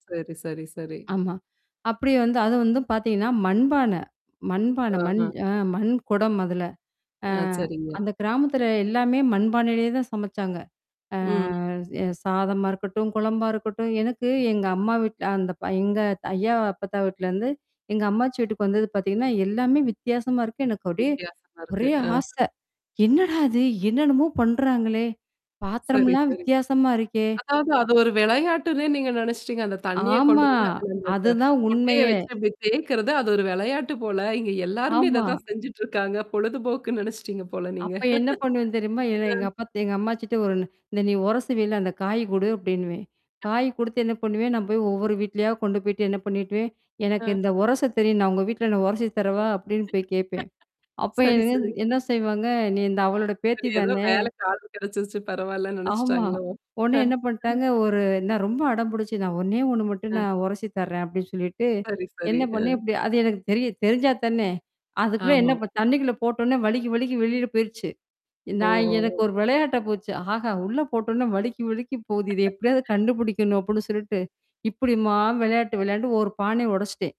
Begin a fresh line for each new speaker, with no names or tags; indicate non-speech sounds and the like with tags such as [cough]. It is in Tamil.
சரி, சரி, சரி.
ஆமா. அப்டி வந்து அது வந்து பார்த்தீங்கன்னா, மண்பான. மண்பான மண்
ஆஹம்.
அ மண் குடம் அதுல. அ
ஆ, சரிங்க.
அந்த கிராமத்துல எல்லாமே மண்பானைலேயே தான் சமைச்சாங்க. அ
ம்.
எ சாதமா இருக்கட்டும், குழம்பா இருக்கட்டும். எனக்கு எங்க அம்மா வீட்ல அந்த பய எங்க ஐயா, அப்பத்தா வீட்லேருந்து, எங்க அம்மாச்சி வீட்டுக்கு வந்தது பார்த்தீங்கன்னா, எல்லாமே வித்தியாசமா இருக்கு. எனக்கு அப்டியே
வித்தியாசமா இருக்கு.
ஒரே
அ.
ஆசை, "என்னடா இது? என்னன்னமோ பண்றாங்களே?
சரி,
பாத்திரம்லாம்
சரி.
வித்தியாசமா இருக்கே!"
அதாவது அது ஒரு விளையாட்டுன்னே நீங்க நெனச்சிட்டீங்க. அந்த தண்ணீிய கொண்டு
ஆமா.
வந்து அத அந்த
அதுதான்
கொட்டைய
உண்மையே.
வச்சு அப்டி தேக்கறது அது ஒரு விளையாட்டு போல. இங்க எல்லாருமே இத
ஆமா.
தான் செஞ்சுட்டுருக்காங்க. பொழுதுபோக்குன்னு நெனச்சுட்டீங்க போல நீங்க.
அப்ப என்ன பண்ணுவேன் தெரியுமா? ஏல
அ.
எங்க அப்பா எங்க அம்மாச்சிட்ட, "ஒரு இந்த நீ உரசுவில அந்த காய் குடு" அப்டின்னுவேன். காய்
[unintelligible]
குடுத்து என்ன பண்ணுவேன், நான் போய் ஒவ்வொரு வீட்லயா கொண்டு போய்ட்டு என்ன பண்ணிட்டுவேன், "எனக்கு
ஆ.
இந்த உரச தெரியும். நான் உங்க வீட்ல நான் உரசி தரவா?" அப்டின்னு
[laughs]
போய் கேட்பேன். அப்ப
சரி,
எனக்கு
சரி.
என்ன செய்வாங்க, "நீ இந்த அவளோட பேத்தி
சரி. ஏதோ
தானே?"
வேலைக்கி ஆள் கிடைச்சிருச்சு பரவால்லன்னு
ஆமா.
நெனச்சுட்டாங்களோ!
உடனே என்ன
[chuckles]
பண்ணிட்டாங்க, ஒரு நான் ரொம்ப அடம்புடிச்சு நான் ஒண்ணே ஒண்ணு மட்டும்
ம்.
நான் உரசி தர்றேன் அப்டின்னு சொல்லிட்டு.
சரி, சரி.
என்ன பண்ணேன்?
அ.
இப்டி அது எனக்கு தெரிய தெரிஞ்சா தானே. அதுக்குள்ள
ஆமா.
என்ன தண்ணிக்குள்ள போட்டோனே வழுக்கி, வழுக்கி வெளில போயிருச்சு. நான் எனக்கு
ஓஹோ!
ஒரு விளையாட்ட போச்சு. ஆஹா! உள்ள போட்டோடனே வழுக்கி, வழுக்கி போகுது. இத எப்டியாவது
[laughs]
கண்டுபுடிக்கணும் அப்டின்னு சொல்ட்டு, இப்படிம்மா விளையாட்டு விளையான்டு, ஒரு பானைய உடைச்சிட்டேன்.